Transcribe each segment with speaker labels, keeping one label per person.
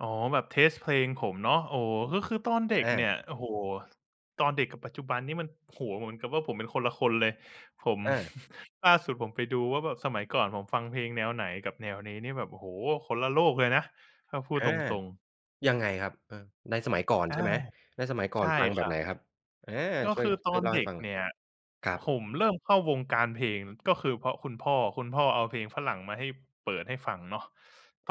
Speaker 1: อ๋อ แบบ เทสต์ เพลงผมเนาะ โอ้ ก็คือตอนเด็ก
Speaker 2: อา
Speaker 1: เนี่ย โอ้โฮ ตอนเด็กกับปัจจุบันนี่มัน โอ้โฮ เหมือนกับว่า ผมเป็นคนละคนเลย ผม
Speaker 2: เออ
Speaker 1: ล่าสุดผมไปดูว่าแบบสมัยก่อนผมฟังเพลงแนวไหน กับแนวนี้นี่แบบ โอ้โฮ คนละโลกเลยนะ ถ้าพูด
Speaker 2: อา
Speaker 1: ตรง ๆ
Speaker 2: ยังไงครับ เออ ในสมัยก่อน
Speaker 1: อ
Speaker 2: ใ
Speaker 1: า
Speaker 2: ช่ไหม ในสมัยก่
Speaker 1: ใ
Speaker 2: อ
Speaker 1: ช
Speaker 2: น
Speaker 1: ่
Speaker 2: ฟังแ
Speaker 1: ค
Speaker 2: บ
Speaker 1: ร
Speaker 2: บ
Speaker 1: ั
Speaker 2: ไหน
Speaker 1: บ
Speaker 2: ครับ? อา
Speaker 1: ก็
Speaker 2: ช่
Speaker 1: ค
Speaker 2: วย
Speaker 1: ือต
Speaker 2: ช่
Speaker 1: อ
Speaker 2: วย
Speaker 1: น
Speaker 2: เล่า
Speaker 1: เ
Speaker 2: ให
Speaker 1: ด
Speaker 2: ้
Speaker 1: ็ก
Speaker 2: ฟังหน
Speaker 1: เ
Speaker 2: ่
Speaker 1: น
Speaker 2: อย
Speaker 1: ี่ย
Speaker 2: ครับ
Speaker 1: ผมเริ่มเข้าวงการเพลงก็คือเพราะคุณพ่อ คุณพ่อเอาเพลงฝรั่งมาให้ เปิดให้ฟังเนาะ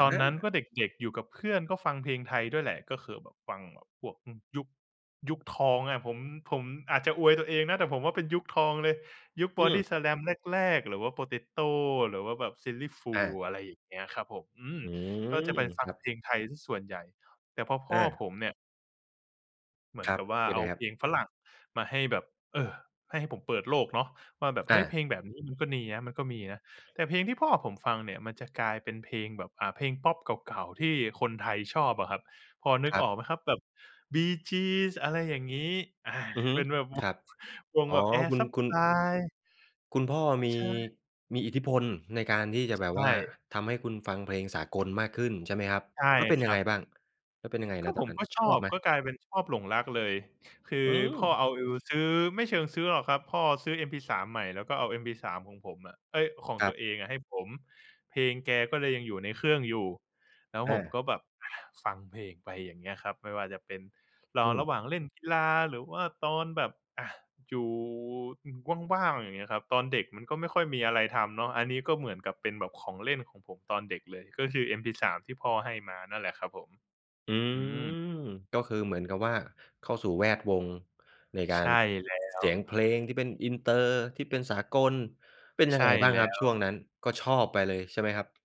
Speaker 1: ตอนนั้นก
Speaker 2: า
Speaker 1: ็เด็ก ๆ อยู่กับเพื่อนก็ฟังเพลงไทยด้วยแหละ ก็คือแบบฟังแบบพวก อืม ยุค ยุคทองอะ ผม ผมอาจจะอวยตัวเองนะ แต่ผมว่าเป็นยุคทองเลย ยุค
Speaker 2: อืม
Speaker 1: Bodyslam แรก ๆ หรือว่า Potato หรือว่าแบบ Silly
Speaker 2: อา
Speaker 1: Fools อะไรอย่างเงี้ยครับผม อืม
Speaker 2: อื
Speaker 1: ก็
Speaker 2: ม
Speaker 1: จะไปฟ
Speaker 2: ค
Speaker 1: ัง
Speaker 2: รั
Speaker 1: เพ
Speaker 2: บ
Speaker 1: ลงไทยเสียส่วนใหญ่ แต่พอพ
Speaker 2: อ
Speaker 1: ่อ
Speaker 2: า
Speaker 1: ผมเนี่ย เหมือ
Speaker 2: ค
Speaker 1: น
Speaker 2: รั
Speaker 1: ก
Speaker 2: บ
Speaker 1: ับว่า
Speaker 2: เป็
Speaker 1: เ
Speaker 2: น
Speaker 1: อ
Speaker 2: ไ
Speaker 1: า
Speaker 2: งคร
Speaker 1: เพ
Speaker 2: ับ?
Speaker 1: ลงฝรั่งมาให้แบบ เออ ให้ ให้ผมเปิดโลกเนาะ ว่าแบบเ
Speaker 2: อ
Speaker 1: ฮ้ย เพ
Speaker 2: า
Speaker 1: ลงแบบนี้มันก็นียะ มันก็มีนะ แต่เพลงที่พ่อผมฟังเนี่ย มันจะกลายเป็นเพลงแบบ อ่า เพลงพอปเก่า ๆ ที่คนไทยชอบอะครับ พอนึ
Speaker 2: ค
Speaker 1: ก
Speaker 2: รั
Speaker 1: อ
Speaker 2: บ
Speaker 1: อกไหมครับ แบบ Bee Gees อะไรอย่างงี้ อา
Speaker 2: อือฮึ
Speaker 1: เป็นแบบว
Speaker 2: คร
Speaker 1: ง
Speaker 2: ับ
Speaker 1: วง
Speaker 2: อ๋อ
Speaker 1: แบบ Air
Speaker 2: คุณ คุณ
Speaker 1: Supply
Speaker 2: คุณพ่อมี
Speaker 1: ใช่
Speaker 2: มีอิทธิพลในการที่จะ
Speaker 1: ใช
Speaker 2: แบบว่า
Speaker 1: ่
Speaker 2: ทำให้คุณฟังเพลงสากลมากขึ้น ใช่ไหมครับ?
Speaker 1: ใช่
Speaker 2: แล้วเป็น
Speaker 1: ค
Speaker 2: ยั
Speaker 1: ร
Speaker 2: ง
Speaker 1: ั
Speaker 2: ไง
Speaker 1: บ
Speaker 2: บ้าง แล้วเป็นยังไง
Speaker 1: ก
Speaker 2: ณ
Speaker 1: ็
Speaker 2: ต
Speaker 1: ผ
Speaker 2: อน
Speaker 1: ม
Speaker 2: นั้น
Speaker 1: ก็ช
Speaker 2: ชอ
Speaker 1: อ
Speaker 2: บ
Speaker 1: บ
Speaker 2: ไหม?
Speaker 1: ก็กลายเป็นชอบ หลงรักเลย คื
Speaker 2: อ
Speaker 1: อ
Speaker 2: ืม
Speaker 1: พ่อเอา เออู ซื้อ ไม่เชิงซื้อหรอกครับ พ่อซื้อ MP3 ใหม่แล้วก็เอา MP3 ของผมอะ เอ๊ย ของ
Speaker 2: คร
Speaker 1: ต
Speaker 2: ั
Speaker 1: ั
Speaker 2: บ
Speaker 1: วเองอะให้ผม เพลงแกก็เลยยังอยู่ในเครื่องอยู่ แล้ว
Speaker 2: อ
Speaker 1: ผม
Speaker 2: า
Speaker 1: ก็แบบ อา ฟังเพลงไป อย่างเงี้ยครับ ไม่ว่าจะเป็นร
Speaker 2: อ
Speaker 1: อร
Speaker 2: ืม
Speaker 1: ะหว่างเล่นกีฬา หรือว่าตอนแบบ อา อยู่ อืม ว่าง ๆ อย่างเงี้ยครับ ตอนเด็กมันก็ไม่ค่อยมีอะไรทำเนาะ อันนี้ก็เหมือนกับเป็นแบบของเล่นของผมตอนเด็กเลย ก็คือ MP3 ที่พ่อให้มานั่นแหละครับผม
Speaker 2: อื
Speaker 1: อ
Speaker 2: ม
Speaker 1: ืม
Speaker 2: ก็คือเหมือนกับว่า เข้าสู่แวดวงในกา
Speaker 1: ใช
Speaker 2: ร
Speaker 1: ่แล้
Speaker 2: เ
Speaker 1: ว
Speaker 2: สียงเพลงที่เป็น Inter ที่เป็นสากล เป็นย
Speaker 1: ใ
Speaker 2: ั
Speaker 1: ช
Speaker 2: งไ
Speaker 1: ่
Speaker 2: งบ้า
Speaker 1: แ
Speaker 2: ง
Speaker 1: ล้
Speaker 2: ครับช่ว
Speaker 1: ว
Speaker 2: งนั้น ก็ชอบไปเลย ใช่ไหมครับ?